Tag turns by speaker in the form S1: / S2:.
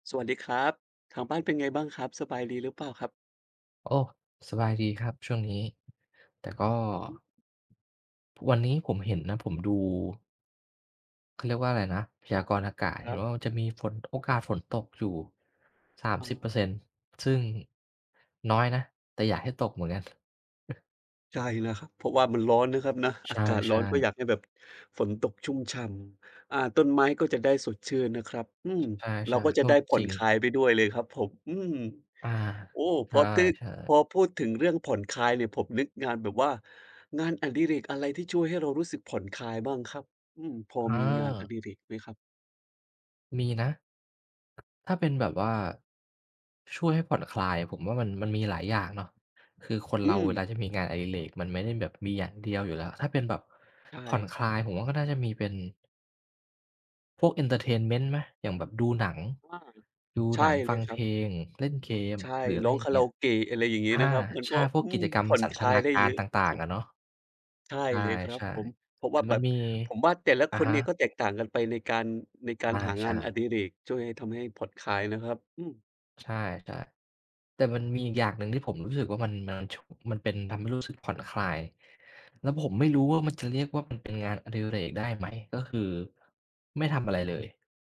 S1: สวัสดีครับ ทางบ้านเป็นไงบ้างครับ สบายดีหรือเปล่าครับ?
S2: โอ้ สบายดีครับช่วงนี้ แต่ก็
S1: อือฮึ
S2: วันนี้ผมเห็นนะ ผมดู เขาเรียกว่าอะไรนะ พยากรณ์อากาศ
S1: ค
S2: เ
S1: ร
S2: ห็
S1: ั
S2: น
S1: บ
S2: ว่ามันจะมีฝน โอกาสฝนตกอยู่ สาม
S1: อ๋
S2: สิบ
S1: อ
S2: เปอร์เซ็นต์ ซึ่งน้อยนะ แต่อยากให้ตกเหมือนกัน
S1: ใช่นะครับ เพราะว่ามันร้อนนะครับนะ
S2: ใช
S1: อา
S2: ่
S1: กาศร้อนก็
S2: ๆ
S1: อยากให้แบบ ฝนตกชุ่มฉ่ำ อา ต้นไม้ก็จะได้สดชื่นนะครับ อืม
S2: ใช่
S1: เราก็
S2: ๆ
S1: จ
S2: เอ
S1: ะ
S2: อ
S1: ได้ผ่
S2: จ
S1: อ
S2: ร
S1: น
S2: ิ
S1: ค
S2: ง
S1: ลายไปด้วยเลยครับผม อืม
S2: อา
S1: โอ้
S2: ใช
S1: พอตื๊อ
S2: ่
S1: พ
S2: ๆ
S1: อพูดถึงเรื่องผ่อนคลายเนี่ย ผมนึกงานแบบว่า งานอดิเรกอะไรที่ช่วยให้เรารู้สึกผ่อนคลายบ้างครับ? อืม พอ
S2: เ
S1: มีงานอ
S2: ออ
S1: ดิเรกไหมครับ?
S2: มีนะ ถ้าเป็นแบบว่าช่วยให้ผ่อนคลาย ผมว่ามัน มันมีหลายอย่างเนาะ คือคน
S1: อื
S2: เราเวล
S1: ม
S2: าที่มีงานอดิเรกมันไม่ได้แบบมีอย่างเดียวอยู่แล้ว ถ้าเป็นแบบ
S1: ใช
S2: ผ่อน
S1: ่
S2: คลายผมว่าก็น่าจะมีเป็น พวก เอนเทอร์เทนเมนต์ ไหม อย่างแบบดูหนัง
S1: อา
S2: ดู
S1: ใช
S2: หนั
S1: ่
S2: ง ฟ
S1: เล
S2: ัง
S1: ยค
S2: เ
S1: ร
S2: พ
S1: ับ
S2: ลง เล่นเกม
S1: ใช่
S2: หรืออะ
S1: ร
S2: ไร
S1: ้อง
S2: อย่
S1: ค
S2: า
S1: า
S2: งเ
S1: ร
S2: งี
S1: า
S2: ้
S1: โ
S2: ย
S1: อเกะ อะไรอย่างงี้
S2: อ
S1: นะ
S2: า
S1: ครับ มัน
S2: ใช
S1: ก็
S2: ่ พว
S1: อื
S2: กกิ
S1: ม
S2: จกรร
S1: ผ
S2: ม
S1: ่อน
S2: สัน
S1: ค
S2: ท
S1: ลา
S2: น
S1: ย
S2: า
S1: ได้
S2: ก
S1: เ
S2: า
S1: ย
S2: ร
S1: อะ
S2: ต
S1: ส
S2: ่าง
S1: ุ
S2: ๆ
S1: ด
S2: อ
S1: ๆ
S2: ะเนาะ
S1: ใช่
S2: ใ
S1: เลยครับ
S2: ช่
S1: ผม เพราะ
S2: ๆ แต
S1: ว่า
S2: ่
S1: แ
S2: ม
S1: บ
S2: ัน
S1: บ
S2: มี
S1: ผมว่าแต่ละ
S2: อ
S1: ค
S2: ะ
S1: น
S2: ฮ
S1: เนี่ยก็
S2: ะ
S1: แตกต่างกันไปในการ ในก
S2: อ
S1: าร
S2: า
S1: หา
S2: ใ
S1: ง
S2: ช
S1: านอ
S2: ่
S1: ดิเรก ช่วยให้ ทำให้ผ่อนคลายนะครับ อืม
S2: ใช่ แต่ แต่มันมีอีกอย่างหนึ่งที่ผมรู้สึกว่ามัน มัน ช มันเป็น ทำให้รู้สึกผ่อนคลาย แล้วผมไม่รู้ว่ามันจะ เรียกว่ามัน เป็นงานอดิเรกได้ไหม ก็คือไม่ทำอะไรเลย